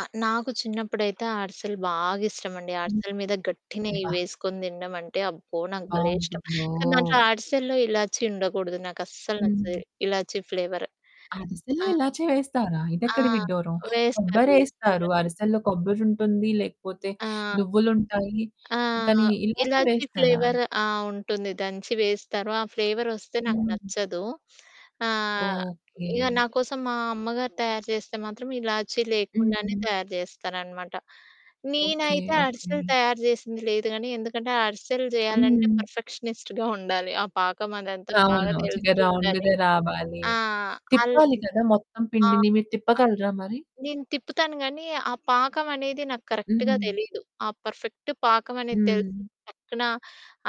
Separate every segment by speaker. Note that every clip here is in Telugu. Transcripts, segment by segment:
Speaker 1: ఆ! నాకు చిన్నప్పుడైతే అరిసెలు బాగిష్టమండి
Speaker 2: హ్మ్.
Speaker 1: అరిసెలు మీద గట్టినెయ్యి
Speaker 2: అబ్బా!
Speaker 1: వేసుకొని తినడం అంటే అబ్బో! నాకు భలే
Speaker 2: ఎంత
Speaker 1: ఇష్టం.
Speaker 2: బావుంటుందో!
Speaker 1: కానీ దాంట్లో అరిసెల్లో ఇలాచి ఉండకూడదు నాకు అస్సలు నచ్చది.
Speaker 2: హ్మ్.
Speaker 1: ఇలాచి ఫ్లేవరు.
Speaker 2: అరిసెల్లో
Speaker 1: ఆ!
Speaker 2: ఇలాచి వేస్తారా?
Speaker 1: ఆ!
Speaker 2: ఇదెక్కడి విడ్డూరం,
Speaker 1: వేస్తారు.
Speaker 2: కొబ్బరేస్తారు
Speaker 1: వేస్తారు.
Speaker 2: అరిసెల్లో కొబ్బరుంటుంది లేకపోతే
Speaker 1: ఆ!
Speaker 2: నువ్వులుంటాయి.
Speaker 1: ఆ!
Speaker 2: కానీ ఇలాచి
Speaker 1: ఇలాచి
Speaker 2: వేస్తారా?
Speaker 1: ఫ్లేవరు ఆ! ఉంటుంది దంచి వేస్తారు, ఆ ఫ్లేవరొస్తే నాకు
Speaker 2: హ్మ్.
Speaker 1: నచ్చదు. ఆహ్,
Speaker 2: ఓకె.
Speaker 1: ఇగ నాకోసం మా అమ్మగారు తయారు చేస్తే మాత్రం, ఇలాచి లేకుండానే
Speaker 2: హుహు.
Speaker 1: తయారు చేస్తారనమాట.
Speaker 2: ఓకె.
Speaker 1: నేనైతే అరిసెలు
Speaker 2: ఓకె.
Speaker 1: తయారు చేసింది లేదు గానీ, ఎందుకంటే అరిసెలు చేయాలంటే
Speaker 2: హ్మ్.
Speaker 1: పర్ఫెక్షనిస్ట్‌గా ఉండాలి. ఆ పాకం అదంతా బాగా
Speaker 2: అవును. చక్కగా
Speaker 1: తెలిసి ఉండాలి.
Speaker 2: రౌండ్‌గా రావాలి.
Speaker 1: ఆ! అల్
Speaker 2: తిప్పాలి కదా! మొత్తం
Speaker 1: ఆ!
Speaker 2: పిండిని మీరు తిప్పగలరా మరి?
Speaker 1: నేను తిప్పుతాను గానీ, ఆ పాకం అనేది నాకు కరెక్ట్‌గా
Speaker 2: హుహు.
Speaker 1: తెలీదు. ఆ పర్ఫెక్ట్ పాకం అనేది తెలిస్తే
Speaker 2: హ్మ్.
Speaker 1: టక్కున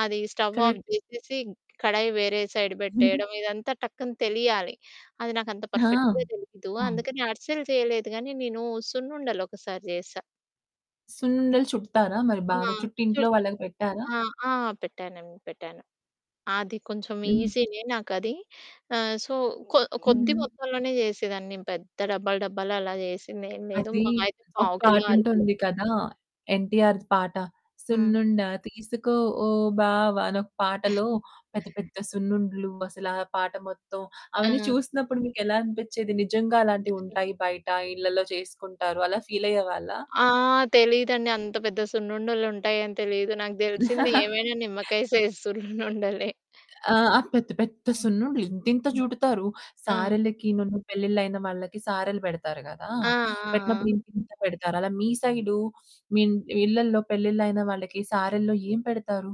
Speaker 1: అది స్టవ్ ఆఫ్
Speaker 2: కరెక్టే.
Speaker 1: చేసేసి కడాయి వేరే సైడ్ పెట్టేయడం, ఇదంతా టక్కున తెలియాలి అది నాకంత
Speaker 2: ఆ!
Speaker 1: పర్ఫెక్ట్‌గా తెలియదు
Speaker 2: అవును.
Speaker 1: అందుకని అరిసెలు చేయలేదు కానీ నేను సున్నుండలు ఒకసారి చేశా.
Speaker 2: సున్నుండలు చుడతారా? మరి
Speaker 1: ఆ!
Speaker 2: బాగా చుట్టి ఇంట్లో
Speaker 1: చుడతారు
Speaker 2: వాళ్ళకి పెట్టారా?
Speaker 1: ఆ! ఆ! పెట్టానండి పెట్టాను. అది కొంచెం
Speaker 2: హ్మ్.
Speaker 1: ఈజీనే నాకది ఆహ్, సో, కొ కొద్ది
Speaker 2: హుహు.
Speaker 1: మొత్తంలోనే చేసేదాన్ని పెద్ద డబ్బాలు డబ్బాలు అలా చేసిందేం లేదు
Speaker 2: అది,
Speaker 1: మాహా అయితే
Speaker 2: ఒక
Speaker 1: పావుకిలో, అరకిలో.
Speaker 2: పాటుంటుంది కదా! ఎన్‌టిఆర్‌ది పాట
Speaker 1: హ్మ్.
Speaker 2: 'సున్నుండ తీసుకో ఓ బావ' అనొక పాటలో పెద్ద పెద్ద సున్నుండలు, అసలు ఆ పాట మొత్తం. అవన్నీ
Speaker 1: ఆ!
Speaker 2: చూసినప్పుడు మీకు ఎలా అనిపిచ్చేది నిజంగా అలాంటివి
Speaker 1: అ!
Speaker 2: ఉంటాయి బయట, ఇళ్ళలో చేసుకుంటారు అలా ఫీలయ్యేవాళ్ళా?
Speaker 1: ఆ! తెలీదండి. అంత పెద్ద సున్నుండలుంటాయని తెలీదు. నాగు తెలిసింది ఏమైనా నిమ్మకాయ సైజ్ సున్నుండలే.
Speaker 2: ఆ! పెద్ద పెద్ద
Speaker 1: హ్మ్.
Speaker 2: సున్నుండ్లు ఇంతింత
Speaker 1: హ్మ్.
Speaker 2: చుడతారు.
Speaker 1: ఆ!
Speaker 2: సారెలకినను పెళ్ళిళ్ళైన వాళ్ళకి సారెలు పెడతారు కదా!
Speaker 1: ఆ! ఆ!
Speaker 2: పెట్టినప్పుడు
Speaker 1: ఆ!
Speaker 2: ఇంతింత పెడతారు. అలా మీ సైడు మీ ఇళ్ళల్లో పెళ్ళిళ్ళు అయిన వాళ్ళకి సారెల్లో ఏం పెడతారు?